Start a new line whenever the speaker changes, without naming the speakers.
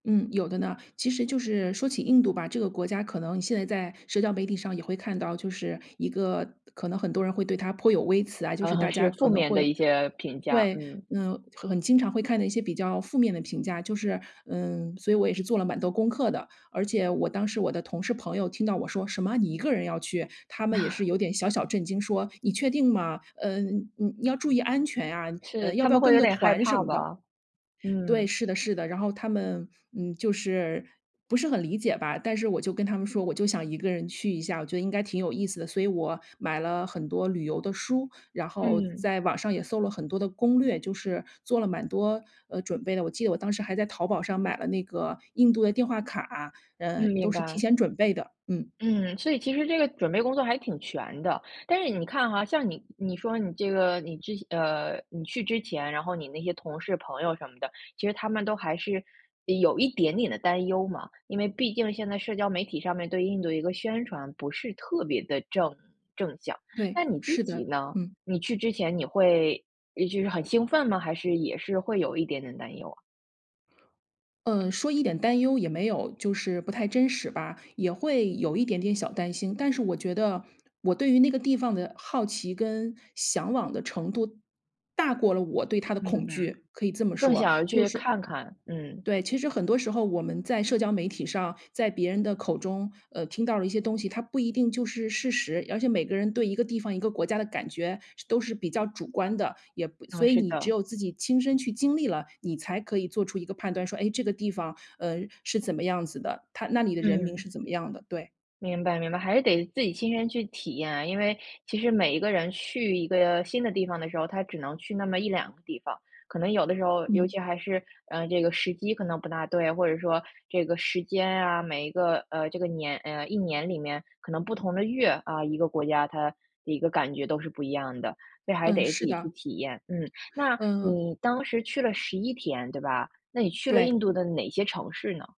嗯，有的呢，其实就是说起印度吧，这个国家可能现在在社交媒体上也会看到，就是一个可能很多人会对它颇有微词啊，就是
呃，
大
是
家
负
可能
面的
会
一些评价，
对，
嗯。
嗯，很经常会看的一些比较负面的评价，就是嗯，所以我也是做了蛮多功课的。而且我当时我的同事朋友听到我说“什么，你一个人要去？”他们也是 有点小小震惊，说：“你确定吗？嗯，你你要注意安全啊，呃，
是，
要
他
不
们
要
会
跟
有
个
点害
团什
怕
么的。”
吧。
对，
嗯。
是的是的，然后他们，嗯，就是不是很理解吧。但是我就跟他们说，我就想一个人去一下，我觉得应该挺有意思的。所以我买了很多旅游的书，然后
嗯。
在网上也搜了很多的攻略，就是，做了蛮多，呃，准备的，我记得我当时还在淘宝上买了那个印度的电话卡，嗯，
嗯，明
都是提
白。
前准备的，嗯。
嗯，所以其实这个准备工作还挺全的，但是你看哈，像你你说你这个你之前呃，你去之前，然后你那些同事朋友什么的，其实他们都还是，一有一点点的担忧嘛，因为毕竟现在社交媒体上面对印度一个宣传不是特别得正正向，
对，
那你自
是
己
的，
呢？
嗯。
你去之前你会就是很兴奋吗？还是也是会有一点点担忧啊？
嗯，说一点担忧也没有，就是不太真实吧，也会有一点点小担心，但是我觉得，我对于那个地方的好奇跟向往的程度，大过了我对它的恐
明白。
惧，可以这么
更
说。
想要
就
去
是
看看，嗯。
对，其实很多时候我们在社交媒体上，在别人的口中，呃，听到了一些东西，它不一定就是事实，而且每个人对一个地方、一个国家的感觉，都是比较主观的，也不
哦，
所以
是
你只
的。
有自己亲身去经历了，你才可以做出一个判断，说哎这个地方，呃，是怎么样子的？它那里的人民
嗯。
是怎么样的？对。
明白明白，还是得自己亲身去体验啊，因为其实每一个人去一个新的地方的时候，他只能去那么1、2个地方，可能有的时候，尤
嗯。
其还是，呃，这个时机可能不大对，或者说，这个时间啊，每一个呃，这个年呃，一年里面，可能不同的月，啊，一个国家，它的一个感觉都是不一样的，所以还
嗯，
得自
是
己去
的。
体验。嗯，那，
嗯。
你当时去了11天，对吧？那你去了
对。
印度的哪些城市呢？